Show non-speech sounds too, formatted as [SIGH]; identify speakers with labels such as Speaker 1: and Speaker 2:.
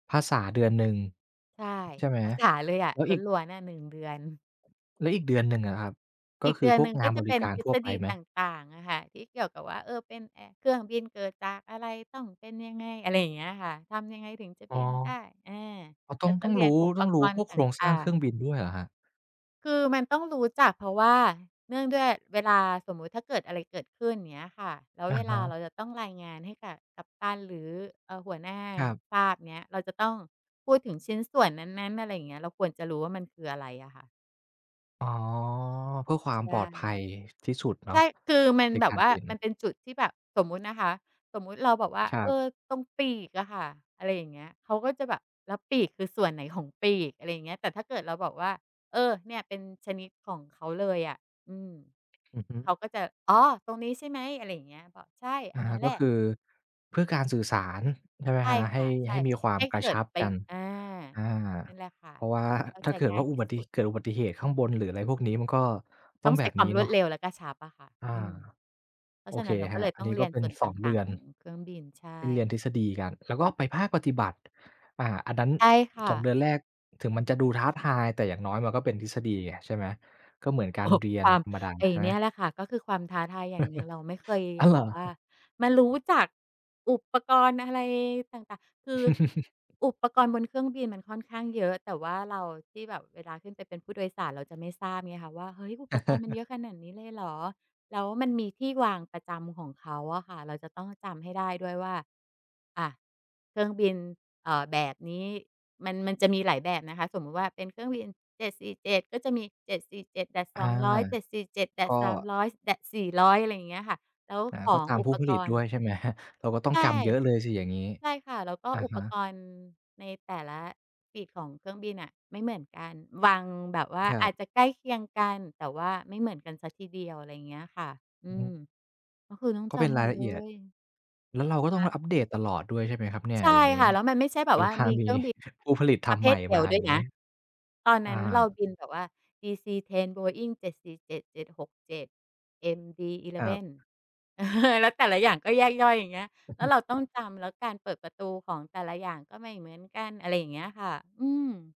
Speaker 1: ภาษาเดือนหนึ่ง
Speaker 2: ใช่
Speaker 1: ใช่ไหม?
Speaker 2: ภาษาเลยอะ
Speaker 1: แล้วอีก
Speaker 2: ล้วน ๆ อะ 1 เดือน
Speaker 1: แล้วอีกเดือนหนึ่งอะครับ ก็
Speaker 2: อีก
Speaker 1: ค
Speaker 2: เ
Speaker 1: ื
Speaker 2: ด
Speaker 1: อ
Speaker 2: ือน
Speaker 1: พว
Speaker 2: หน
Speaker 1: ก
Speaker 2: ึ่ง
Speaker 1: ง
Speaker 2: ก
Speaker 1: า
Speaker 2: ็
Speaker 1: น
Speaker 2: จ
Speaker 1: บ
Speaker 2: ะเ
Speaker 1: ร
Speaker 2: ป
Speaker 1: ิ
Speaker 2: ็น
Speaker 1: การ
Speaker 2: ทฤ
Speaker 1: ทั่ว
Speaker 2: ษ
Speaker 1: ไป
Speaker 2: ฎี
Speaker 1: ไหม?
Speaker 2: ต่าง ๆ อะค่ะ ที่เกี่ยวกับว่า เออ อ เป็นเครื่องบินเกิดจากอะไร ต้องเป็นยังไง อะไรอย่างเงี้ยอะค่ะ ทำยังไงถึงจะ
Speaker 1: อ
Speaker 2: บ
Speaker 1: ๋อ
Speaker 2: ินได้ อา
Speaker 1: อ๋อ ต
Speaker 2: แ
Speaker 1: ้
Speaker 2: ล้
Speaker 1: อง
Speaker 2: วก
Speaker 1: ต
Speaker 2: ็
Speaker 1: ้อง
Speaker 2: เรี
Speaker 1: ร
Speaker 2: ยน
Speaker 1: ู้
Speaker 2: อุป
Speaker 1: ต้องร
Speaker 2: ก
Speaker 1: ู้
Speaker 2: ร
Speaker 1: พ
Speaker 2: ณ
Speaker 1: ว
Speaker 2: ์
Speaker 1: ก
Speaker 2: ต
Speaker 1: โครงสร
Speaker 2: ่
Speaker 1: ้
Speaker 2: า
Speaker 1: างเครื
Speaker 2: ง
Speaker 1: ่อง
Speaker 2: ๆ
Speaker 1: บินด้วยเหรอครับ?
Speaker 2: คือมันต้องรู้จัก เพราะว่าเนื่องด้วยเวลา สมมุติถ้าเกิดอะไรเกิดขึ้น อย่างเงี้ยค่ะ แล้ว
Speaker 1: อะ
Speaker 2: เว
Speaker 1: ฮ
Speaker 2: ลา
Speaker 1: ะ
Speaker 2: เราจะต้องรายงานให้กับกัปตัน หรือ อา หัวหน้า
Speaker 1: ครับ
Speaker 2: ทราบเนี่ย เราจะต้องพูดถึงชิ้นส่วนนั้น ๆ อะไรอย่างเงี้ย เราควรจะรู้ว่ามันคืออะไรอะค่ะ
Speaker 1: อ๋อ เพื่อความ
Speaker 2: ใช
Speaker 1: ปลอ
Speaker 2: ่
Speaker 1: ดภัยที่สุดเน
Speaker 2: ใ
Speaker 1: า
Speaker 2: ช
Speaker 1: ะ
Speaker 2: ่ คือมัน
Speaker 1: ใน
Speaker 2: แบ
Speaker 1: กา
Speaker 2: บ
Speaker 1: ร
Speaker 2: ว่า
Speaker 1: บิน
Speaker 2: มันเป็นจุดที่แบบ สมมตินะคะ สมมติเราแบบ
Speaker 1: คร
Speaker 2: เ
Speaker 1: ั
Speaker 2: อ
Speaker 1: บ
Speaker 2: อ "ตรงปีกอะค่ะ" อะไรอย่างเงี้ย เขาก็จะแบบ "แล้วปีกคือส่วนไหนของปีก?" อะไรอย่างเงี้ย แต่ถ้าเกิดเราบอกว่า "เออ เนี่ยเป็นชนิดของเขาเลยอะ อืม"
Speaker 1: อือฮึ
Speaker 2: เขาก็จะ "อ๋อ ตรงนี้ใช่ไหม?" อะไรอย่างเงี้ย บอก "ใช่
Speaker 1: อ
Speaker 2: อั
Speaker 1: ะ
Speaker 2: น
Speaker 1: ฮ
Speaker 2: นั
Speaker 1: ะ
Speaker 2: ้นแ
Speaker 1: ก
Speaker 2: ห
Speaker 1: ็
Speaker 2: ละ"
Speaker 1: คือเพื่อการสื่อสารใช่ไหม
Speaker 2: ใช
Speaker 1: ค
Speaker 2: ่
Speaker 1: รับ? ใ
Speaker 2: ค
Speaker 1: ห้
Speaker 2: ่ะ ใช
Speaker 1: ใ
Speaker 2: ่
Speaker 1: ห้มีควา
Speaker 2: ใ
Speaker 1: ม
Speaker 2: ห้
Speaker 1: กร
Speaker 2: เก
Speaker 1: ะ
Speaker 2: ิ
Speaker 1: ช
Speaker 2: ด
Speaker 1: ับ
Speaker 2: ไป
Speaker 1: กัน
Speaker 2: อา
Speaker 1: อา
Speaker 2: นี่แหละค่ะ
Speaker 1: เพราะว่า
Speaker 2: เข้า
Speaker 1: ถ้
Speaker 2: ใ
Speaker 1: า
Speaker 2: จ
Speaker 1: เกิด
Speaker 2: ง
Speaker 1: ว
Speaker 2: ่า
Speaker 1: ่
Speaker 2: ย
Speaker 1: าอ
Speaker 2: ท
Speaker 1: ุ
Speaker 2: ี
Speaker 1: บ
Speaker 2: ่
Speaker 1: ัติ
Speaker 2: สุด
Speaker 1: เกิดอุบัติเหตุข้างบน หรืออะไรพวกนี้มันก็ต้
Speaker 2: ต
Speaker 1: อ
Speaker 2: ้อ
Speaker 1: ง
Speaker 2: ง
Speaker 1: แ
Speaker 2: ใ
Speaker 1: บ
Speaker 2: ส่
Speaker 1: บ
Speaker 2: คว
Speaker 1: น
Speaker 2: า
Speaker 1: ี้
Speaker 2: มร
Speaker 1: เนา
Speaker 2: วด
Speaker 1: ะ
Speaker 2: เร็วและกระชับอะค่ะ
Speaker 1: อ
Speaker 2: อ
Speaker 1: า
Speaker 2: ืม เพรา
Speaker 1: โอ
Speaker 2: ะฉะ
Speaker 1: เค
Speaker 2: นั้นเรา
Speaker 1: ค
Speaker 2: ก
Speaker 1: ร
Speaker 2: ็
Speaker 1: ั
Speaker 2: เ
Speaker 1: บ
Speaker 2: ลย
Speaker 1: อั
Speaker 2: ต
Speaker 1: น
Speaker 2: ้อ
Speaker 1: น
Speaker 2: ง
Speaker 1: ี้
Speaker 2: เร
Speaker 1: ก็
Speaker 2: ียน
Speaker 1: เป็
Speaker 2: ส
Speaker 1: น
Speaker 2: ่วน
Speaker 1: ส
Speaker 2: ต
Speaker 1: อง เด
Speaker 2: ่า
Speaker 1: ื
Speaker 2: ง
Speaker 1: อ
Speaker 2: ๆ
Speaker 1: น
Speaker 2: ของเครื่องบิน ใช่
Speaker 1: ที่เรียนทฤษฎีกัน แล้วก็ไปภาคปฏิบัติ อา อันนั้น
Speaker 2: ใช่ค่
Speaker 1: 2
Speaker 2: ะ
Speaker 1: เดือนแรกถึงมันจะดูท้าทาย แต่อย่างน้อยมันก็เป็นทฤษฎีไงใช่ไหม ก็เหมือนก
Speaker 2: โ
Speaker 1: า
Speaker 2: อ้
Speaker 1: ร
Speaker 2: โฮ
Speaker 1: เรีย
Speaker 2: ค
Speaker 1: น
Speaker 2: วาม
Speaker 1: ธรรมดา
Speaker 2: ไอ้
Speaker 1: ใช่
Speaker 2: เ
Speaker 1: ไห
Speaker 2: น
Speaker 1: ม?
Speaker 2: ี่ยแหละค่ะ ก็คือความท้าทายอย่างหนึ่ง เราไม่เค
Speaker 1: [CHUCKLES]
Speaker 2: ย
Speaker 1: อ้าวเหร
Speaker 2: แบ
Speaker 1: อ?
Speaker 2: บว่ามารู้จั
Speaker 1: [CHUCKLES]
Speaker 2: กอุปกรณ์อะไรต่าง ๆ คือ
Speaker 1: [CHUCKLES]
Speaker 2: อุปกรณ์บนเครื่องบินมันค่อนข้างเยอะ แต่ว่าเราที่แบบเวลาขึ้นไปเป็นผู้โดยสารเราจะไม่ทราบไงค่ะว่า "เฮ้ย อุปกรณ์มันเ
Speaker 1: [CHUCKLES]
Speaker 2: ยอะขนาดนี้เลยเหรอ?" แล้วมันมีที่วางประจำของเขาอะค่ะ เราจะต้องจำให้ได้ด้วยว่า อา เครื่องบิน เอ่อ แบบนี้มัน มันจะมีหลายแบบนะคะ สมมติว่าเป็นเครื่องบิน 747 ก็จะมี
Speaker 1: อา
Speaker 2: 747-200
Speaker 1: ก็
Speaker 2: 747-300, -400 อะไรอย่างเงี้ยค่ะ แล้ว
Speaker 1: อา
Speaker 2: ข
Speaker 1: ก็
Speaker 2: อง
Speaker 1: ตาม
Speaker 2: อุ
Speaker 1: ผู
Speaker 2: ป
Speaker 1: ้ผ
Speaker 2: ก
Speaker 1: ลิต
Speaker 2: ร
Speaker 1: ด
Speaker 2: ณ
Speaker 1: ้
Speaker 2: ์
Speaker 1: วยใช่ไหม? [CHUCKLES] เราก็ต้อ
Speaker 2: ใ
Speaker 1: ง
Speaker 2: ช่
Speaker 1: จำเยอะเลยสิอย่างงี้?
Speaker 2: ใช่ค่ะ แล้วก็
Speaker 1: อะ
Speaker 2: อุ
Speaker 1: ฮ
Speaker 2: ปก
Speaker 1: ะ
Speaker 2: รณ์ในแต่ละปีกของเครื่องบินอะไม่เหมือนกัน วางแบบว่า
Speaker 1: ครั
Speaker 2: อา
Speaker 1: บ
Speaker 2: จจะใกล้เคียงกัน แต่ว่าไม่เหมือนกันซะทีเดียว อะไรอย่างเงี้ยค่ะ อื
Speaker 1: อือฮ
Speaker 2: ม
Speaker 1: ึ
Speaker 2: ก็คือต้อง
Speaker 1: ก็
Speaker 2: จ
Speaker 1: เป็น
Speaker 2: ำห
Speaker 1: ร
Speaker 2: ม
Speaker 1: าย
Speaker 2: ด
Speaker 1: ละ
Speaker 2: เล
Speaker 1: เอียด
Speaker 2: ย
Speaker 1: แล้วเราก็ต้อ
Speaker 2: ฮ
Speaker 1: ง
Speaker 2: ะ
Speaker 1: อัปเดตตลอดด้วยใช่ไหมครับเนี่
Speaker 2: ใ
Speaker 1: ย?
Speaker 2: ช่
Speaker 1: อย่างงี้
Speaker 2: ค่ะ แล้
Speaker 1: เวลามี
Speaker 2: วมันไม่ใช่แบบ
Speaker 1: [CHUCKLES] ผู้ผ
Speaker 2: ว
Speaker 1: ลิ
Speaker 2: ่า
Speaker 1: ตธ
Speaker 2: มีเครื่องบิน
Speaker 1: ร
Speaker 2: ป
Speaker 1: ร
Speaker 2: ร
Speaker 1: ม
Speaker 2: ะเภ
Speaker 1: ใหม่
Speaker 2: ทเดี
Speaker 1: ม
Speaker 2: ย
Speaker 1: า
Speaker 2: ว
Speaker 1: อ
Speaker 2: ด
Speaker 1: ย
Speaker 2: ้
Speaker 1: ่
Speaker 2: ว
Speaker 1: า
Speaker 2: ย
Speaker 1: งนี
Speaker 2: น
Speaker 1: ้
Speaker 2: ะ ตอน
Speaker 1: อ
Speaker 2: นั้นเรา
Speaker 1: า
Speaker 2: บินแบบว่า DC-10 Boeing-747, 767,
Speaker 1: คร
Speaker 2: MD-11
Speaker 1: ับ
Speaker 2: [CHUCKLES] แล้วแต่ละอย่างก็แยกย่อย อย่างเงี้ย แล้ว
Speaker 1: [CHUCKLES]
Speaker 2: เราต้องจำ แล้วการเปิดประตูของแต่ละอย่างก็ไม่เหมือนกัน อะไรอย่างเงี้ยค่ะ อืม